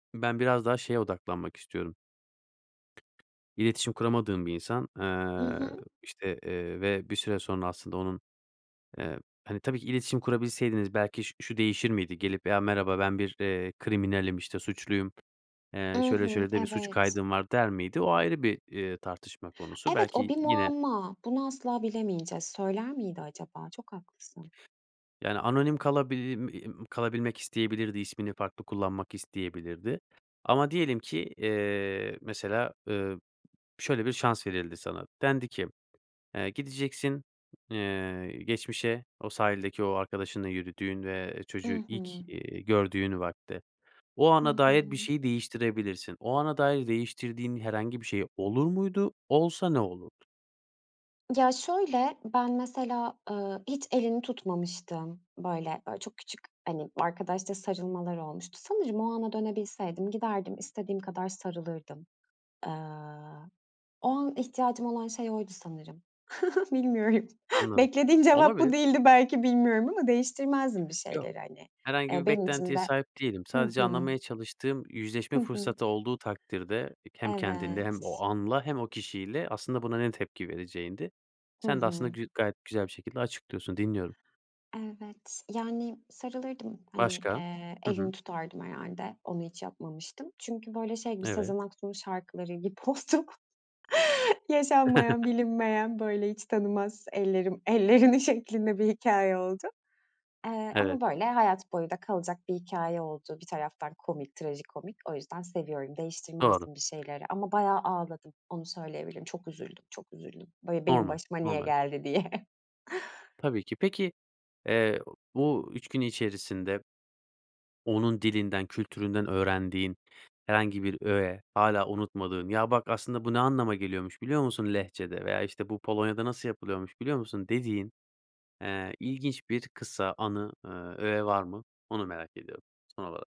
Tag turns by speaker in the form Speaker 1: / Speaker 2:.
Speaker 1: Ben biraz daha şeye odaklanmak istiyorum. İletişim kuramadığım bir insan,
Speaker 2: Hı
Speaker 1: eee,
Speaker 2: hı.
Speaker 1: işte, eee, ve bir süre sonra aslında onun, eee, hani, tabii ki iletişim kurabilseydiniz belki ş şu değişir miydi? Gelip "Ya merhaba ben bir, eee, kriminalim işte suçluyum,
Speaker 2: I
Speaker 1: eee, şöyle
Speaker 2: hı,
Speaker 1: şöyle de bir suç
Speaker 2: evet.
Speaker 1: kaydım var." der miydi o ayrı bir, eee, tartışma konusu
Speaker 2: Evet, o
Speaker 1: belki
Speaker 2: bir
Speaker 1: yine
Speaker 2: muamma, bunu asla bilemeyeceğiz, söyler miydi acaba? Çok haklısın.
Speaker 1: Yani, anonim kalabi i im kalabilmek isteyebilirdi ismini farklı kullanmak isteyebilirdi. Ama diyelim ki, eee, mesela, ııı, şöyle bir şans verildi sana, dendi ki, "Eee, gideceksin, eee, geçmişe o sahildeki o arkadaşınla yürüdüğün ve, eee,
Speaker 2: I
Speaker 1: çocuğu ilk,
Speaker 2: hı.
Speaker 1: iii, gördüğün vakte, o ana
Speaker 2: Hı
Speaker 1: dair bir
Speaker 2: hı.
Speaker 1: şeyi değiştirebilirsin." O ana dair değiştirdiğin herhangi bir şey olur muydu? Olsa ne olurdu?
Speaker 2: Ya, şöyle, ben mesela, ııı, hiç elini tutmamıştım. Böyle böyle, ooo, çok küçük hani arkadaşça sarılmalar olmuştu. Sanırım o ana dönebilseydim giderdim, istediğim kadar sarılırdım. Eee, o an ihtiyacım olan şey oydu sanırım. Bilmiyorum.
Speaker 1: Anladım.
Speaker 2: Beklediğin cevap
Speaker 1: Olabilir.
Speaker 2: bu değildi belki bilmiyorum ama değiştirmezdim bir
Speaker 1: Yok,
Speaker 2: şeyleri, hani.
Speaker 1: herhangi
Speaker 2: Eee,
Speaker 1: bir
Speaker 2: benim için
Speaker 1: beklentiye
Speaker 2: de
Speaker 1: sahip değilim.
Speaker 2: Hı
Speaker 1: Sadece
Speaker 2: hı.
Speaker 1: anlamaya çalıştığım yüzleşme
Speaker 2: Hı hı.
Speaker 1: fırsatı olduğu takdirde ek hem kendinde hem o
Speaker 2: Evet.
Speaker 1: anla hem o kişiyle aslında buna ne tepki vereceğindi.
Speaker 2: Hı
Speaker 1: Sen de aslında
Speaker 2: hı.
Speaker 1: gü gayet güzel bir şekilde açıklıyorsun, dinliyorum.
Speaker 2: Evet, yani, sarılırdım, hani,
Speaker 1: Başka?
Speaker 2: eee,
Speaker 1: Hı hı.
Speaker 2: elini tutardım herhâlde. Onu hiç yapmamıştım. Çünkü böyle şey gibi
Speaker 1: Evet.
Speaker 2: Sezen Aksu'nun şarkıları gibi [unintelligible] Yaşanmayan bilinmeyen böyle hiç tanımaz ellerim ellerini şeklinde bir hikâye oldu. Eee,
Speaker 1: Evet.
Speaker 2: ama böyle hayat boyu da kalacak bir hikâye oldu bir taraftan komik trajikomik o yüzden seviyorum
Speaker 1: Doğru.
Speaker 2: değiştirmezdim bir şeyleri. Ama bayağı ağladım onu söyleyebilirim çok üzüldüm, çok üzüldüm böyle benim
Speaker 1: Normal,
Speaker 2: başıma niye
Speaker 1: normal.
Speaker 2: geldi diye.
Speaker 1: Tabii ki. Peki, eee, bu 3 gün içerisinde onun dilinden, kültüründen öğrendiğin herhangi bir öğe hâlâ unutmadığın, "Ya bak aslında bu ne anlama geliyormuş biliyor musun lehçede veya işte bu Polonya'da nasıl yapılıyormuş biliyor musun?" dediğin, eee, ilginç bir kısa anı, eee, öğe var mı onu merak ediyorum son olarak.